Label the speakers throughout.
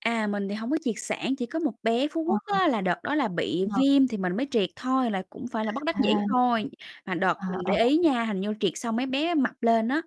Speaker 1: À, mình thì hông có triệt sản, chỉ có một bé Phú
Speaker 2: Ờ.
Speaker 1: Quốc á là đợt đó là bị
Speaker 2: Vâng.
Speaker 1: viêm thì mình mới triệt thôi là cũng phải là bất đắc
Speaker 2: À,
Speaker 1: dĩ thôi. Mà đợt
Speaker 2: à,
Speaker 1: mình
Speaker 2: ờ.
Speaker 1: để ý nha, hình như triệt xong mấy bé mập lên á,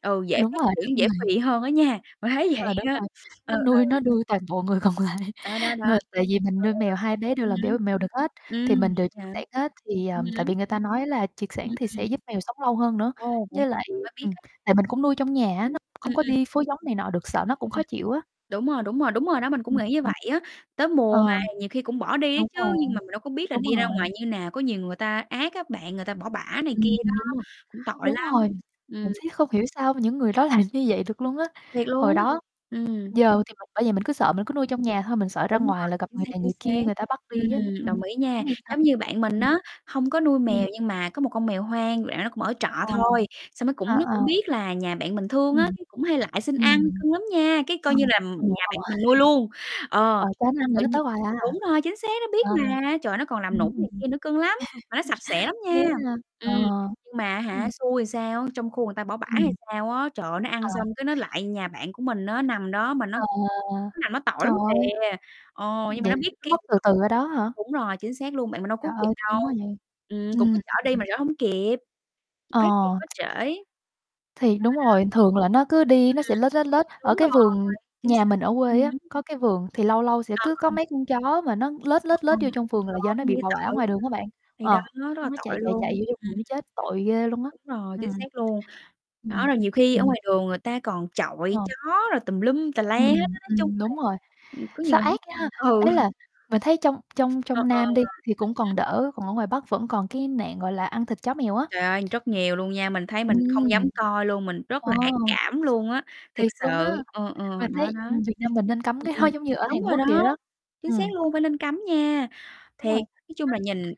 Speaker 1: ừ,
Speaker 2: Ơ,
Speaker 1: dễ
Speaker 2: đúng
Speaker 1: phát
Speaker 2: rồi,
Speaker 1: triển,
Speaker 2: đúng
Speaker 1: dễ
Speaker 2: rồi.
Speaker 1: phì hơn á nha, mình thấy vậy
Speaker 2: À, đúng
Speaker 1: á,
Speaker 2: rồi,
Speaker 1: ừ,
Speaker 2: nó
Speaker 1: ừ.
Speaker 2: nuôi nó nuôi toàn bộ người còn lại,
Speaker 1: Đó, đó, đó.
Speaker 2: nuôi tại vì mình nuôi mèo 2 bé đều
Speaker 1: Ừ,
Speaker 2: làm
Speaker 1: ừ.
Speaker 2: béo mèo đực hết,
Speaker 1: Ừm hứm,
Speaker 2: thì
Speaker 1: ừm,
Speaker 2: mình đều triệt
Speaker 1: vậy hả?
Speaker 2: sản hết thì, à,
Speaker 1: Ừm
Speaker 2: tại
Speaker 1: hứm.
Speaker 2: vì người ta nói là triệt
Speaker 1: Ừm,
Speaker 2: sản thì sẽ
Speaker 1: ừm.
Speaker 2: giúp mèo sống lâu hơn nữa.
Speaker 1: Ồ, vậy
Speaker 2: Với lại,
Speaker 1: [unintelligible] mới biết
Speaker 2: ừm,
Speaker 1: á.
Speaker 2: tại mình cũng nuôi trong nhà
Speaker 1: Ưm.
Speaker 2: á,
Speaker 1: Ừm,
Speaker 2: nó
Speaker 1: ừm.
Speaker 2: không
Speaker 1: Ừm,
Speaker 2: có
Speaker 1: ừm.
Speaker 2: đi phối giống này nọ được, sợ nó cũng khó chịu á.
Speaker 1: Đúng rồi, đúng rồi, đúng rồi đó, mình cũng
Speaker 2: Ừm,
Speaker 1: nghĩ như vậy
Speaker 2: ừm,
Speaker 1: á. Tới
Speaker 2: ờ,
Speaker 1: mùa mà nhiều khi cũng bỏ đi á
Speaker 2: đúng
Speaker 1: chứ,
Speaker 2: rồi,
Speaker 1: nhưng mà mình đâu có biết là
Speaker 2: đúng
Speaker 1: đi ra
Speaker 2: rồi.
Speaker 1: ngoài như nào, có nhiều người ta ác á bạn, người ta bỏ bả này kia
Speaker 2: Ừm,
Speaker 1: đó,
Speaker 2: ừm, đúng rồi,
Speaker 1: cũng tội
Speaker 2: đúng
Speaker 1: lắm,
Speaker 2: rồi.
Speaker 1: ừm.
Speaker 2: Mình thấy không hiểu sao những người
Speaker 1: Ừm,
Speaker 2: đó làm
Speaker 1: ừm.
Speaker 2: như vậy được luôn á.
Speaker 1: Thiệt
Speaker 2: Hồi
Speaker 1: luôn á?
Speaker 2: đó
Speaker 1: Ừm.
Speaker 2: giờ thì mình bởi vậy mình cứ sợ
Speaker 1: Ừm.
Speaker 2: mình cứ nuôi trong nhà thôi, mình sợ ra
Speaker 1: Đúng
Speaker 2: ngoài là
Speaker 1: rồi,
Speaker 2: gặp
Speaker 1: chính
Speaker 2: người
Speaker 1: xác,
Speaker 2: này
Speaker 1: chính
Speaker 2: người
Speaker 1: xác.
Speaker 2: kia, người ta bắt đi á,
Speaker 1: Ừm,
Speaker 2: ừm,
Speaker 1: đồng ý nha,
Speaker 2: không yên tâm.
Speaker 1: giống như bạn mình
Speaker 2: Ừm.
Speaker 1: á, hông có nuôi
Speaker 2: Ừm.
Speaker 1: mèo nhưng mà có một con mèo hoang, bạn đó cũng ở trọ
Speaker 2: Ồ,
Speaker 1: thôi, xong nó
Speaker 2: ờ,
Speaker 1: cũng nó cũng
Speaker 2: ờ.
Speaker 1: biết là nhà bạn mình thương á,
Speaker 2: Ừm,
Speaker 1: cũng hay lại xin ăn,
Speaker 2: ừm,
Speaker 1: cưng lắm nha, cái
Speaker 2: ờ,
Speaker 1: coi như làm
Speaker 2: ờ, ờ,
Speaker 1: nhà bạn mình nuôi luôn. Ờ,
Speaker 2: ờ, cho nó
Speaker 1: xong
Speaker 2: ăn rồi
Speaker 1: tự
Speaker 2: nó
Speaker 1: nhiên
Speaker 2: tới hoài à.
Speaker 1: đúng rồi, chính xác nó biết
Speaker 2: Ờ,
Speaker 1: mà, trời, nó còn làm
Speaker 2: ừm,
Speaker 1: nũng
Speaker 2: ừm.
Speaker 1: này kia nữa, cưng lắm, mà nó sạch sẽ lắm nha.
Speaker 2: ghét ha. Ờ,
Speaker 1: Ừm,
Speaker 2: ờ.
Speaker 1: nhưng mà á hả,
Speaker 2: Ừm.
Speaker 1: xui làm sao á, trong khu người ta bỏ bả hay
Speaker 2: Ừm.
Speaker 1: sao á, trời ơi, nó ăn
Speaker 2: À.
Speaker 1: xong cái nó lại nhà bạn của mình á, nằm đó mà nó
Speaker 2: Ờ,
Speaker 1: nó nằm nó tội
Speaker 2: trời
Speaker 1: lắm
Speaker 2: ơi.
Speaker 1: kìa, ờ, nhưng mà
Speaker 2: Vậy
Speaker 1: nó biết
Speaker 2: là nó
Speaker 1: kiếm
Speaker 2: mất từ
Speaker 1: chỗ
Speaker 2: từ ở đó hả?
Speaker 1: đúng rồi, chính xác luôn, bạn mình đâu
Speaker 2: Trời
Speaker 1: cứu kịp
Speaker 2: ơi,
Speaker 1: đâu,
Speaker 2: thương quá vậy,
Speaker 1: ừm, cũng có
Speaker 2: ừm.
Speaker 1: chở đi mà chở hông kịp, phát hiện
Speaker 2: Ờ.
Speaker 1: quá trễ. Đó,
Speaker 2: Thì đúng rồi,
Speaker 1: đó.
Speaker 2: thường là nó cứ đi nó
Speaker 1: Ừm,
Speaker 2: sẽ lết, lết, lết, ở
Speaker 1: đúng
Speaker 2: cái
Speaker 1: rồi,
Speaker 2: vườn
Speaker 1: chính
Speaker 2: nhà
Speaker 1: xác.
Speaker 2: mình ở quê
Speaker 1: Ừm
Speaker 2: á,
Speaker 1: hứm.
Speaker 2: có cái vườn thì lâu lâu sẽ
Speaker 1: Ờ,
Speaker 2: cứ có
Speaker 1: ờ.
Speaker 2: mấy con chó mà nó lết,
Speaker 1: Ừm,
Speaker 2: lết, lết
Speaker 1: ừm.
Speaker 2: vô trong vườn là
Speaker 1: Trời
Speaker 2: do
Speaker 1: ơi,
Speaker 2: nó bị
Speaker 1: nhìn
Speaker 2: bỏ
Speaker 1: nó
Speaker 2: bả
Speaker 1: tội
Speaker 2: ngoài
Speaker 1: dữ
Speaker 2: đường
Speaker 1: ha.
Speaker 2: á bạn,
Speaker 1: Thì đó,
Speaker 2: ờ,
Speaker 1: rất là
Speaker 2: xong nó chạy,
Speaker 1: tội
Speaker 2: chạy,
Speaker 1: luôn.
Speaker 2: chạy
Speaker 1: Ừm.
Speaker 2: vô trong vườn nó chết tội ghê luôn á,
Speaker 1: Đúng rồi,
Speaker 2: ừm.
Speaker 1: chính xác luôn. Đó,
Speaker 2: Ừm.
Speaker 1: rồi nhiều khi
Speaker 2: Thì
Speaker 1: ở
Speaker 2: mình
Speaker 1: ngoài đường người ta còn
Speaker 2: Ờ.
Speaker 1: chọi chó rồi tùm lum tà la hết
Speaker 2: Ừm,
Speaker 1: á, nói chung
Speaker 2: ừm, đúng
Speaker 1: là,
Speaker 2: rồi,
Speaker 1: ưm, có nhiều
Speaker 2: sao ác
Speaker 1: hông
Speaker 2: nha,
Speaker 1: có ừ.
Speaker 2: ý là mình thấy trong trong
Speaker 1: Ờ,
Speaker 2: trong
Speaker 1: ờ.
Speaker 2: Nam
Speaker 1: Ừm
Speaker 2: đi thì cũng còn
Speaker 1: hứm.
Speaker 2: đỡ, còn ở ngoài Bắc vẫn còn cái nạn, gọi là, ăn thịt chó mèo á.
Speaker 1: Trời ơi, rất nhiều luôn nha, mình thấy mình không dám
Speaker 2: Ừm.
Speaker 1: coi luôn, mình rất
Speaker 2: Ồ!
Speaker 1: là ác cảm luôn á. Thiệt
Speaker 2: Thiệt luôn á.
Speaker 1: sự, ừ, ừ,
Speaker 2: Mà
Speaker 1: đó,
Speaker 2: thấy
Speaker 1: đó.
Speaker 2: Việt Nam mình nên cấm
Speaker 1: Ừm,
Speaker 2: cái
Speaker 1: ừm,
Speaker 2: đó giống như ở
Speaker 1: đúng
Speaker 2: Hàn
Speaker 1: rồi
Speaker 2: Quốc vậy
Speaker 1: đó,
Speaker 2: đó,
Speaker 1: chính
Speaker 2: ừm.
Speaker 1: xác luôn, phải nên cấm nha.
Speaker 2: Đúng rồi,
Speaker 1: Thiệt,
Speaker 2: [unintelligible]
Speaker 1: nói chung là nhìn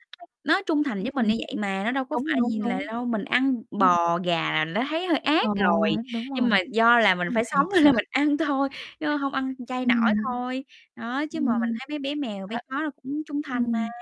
Speaker 1: nó trung thành
Speaker 2: ưm,
Speaker 1: với mình
Speaker 2: ừm.
Speaker 1: như vậy mà, nó đâu có
Speaker 2: Đúng,
Speaker 1: phải
Speaker 2: đúng,
Speaker 1: nhìn là
Speaker 2: đúng.
Speaker 1: đâu, mình ăn
Speaker 2: Ừm.
Speaker 1: bò, gà là đã thấy hơi
Speaker 2: Ờ,
Speaker 1: ác rồi,
Speaker 2: đúng
Speaker 1: nhưng
Speaker 2: rồi.
Speaker 1: mà do là mình
Speaker 2: Ưm,
Speaker 1: phải sống
Speaker 2: thiệt
Speaker 1: cho
Speaker 2: sự.
Speaker 1: nên mình ăn thôi, chứ hông ăn chay nổi
Speaker 2: Ừm.
Speaker 1: thôi. Đó, chứ mà mình
Speaker 2: Ừm,
Speaker 1: thấy mấy bé mèo, bé
Speaker 2: ờ,
Speaker 1: chó nó cũng trung thành mà.
Speaker 2: ừm.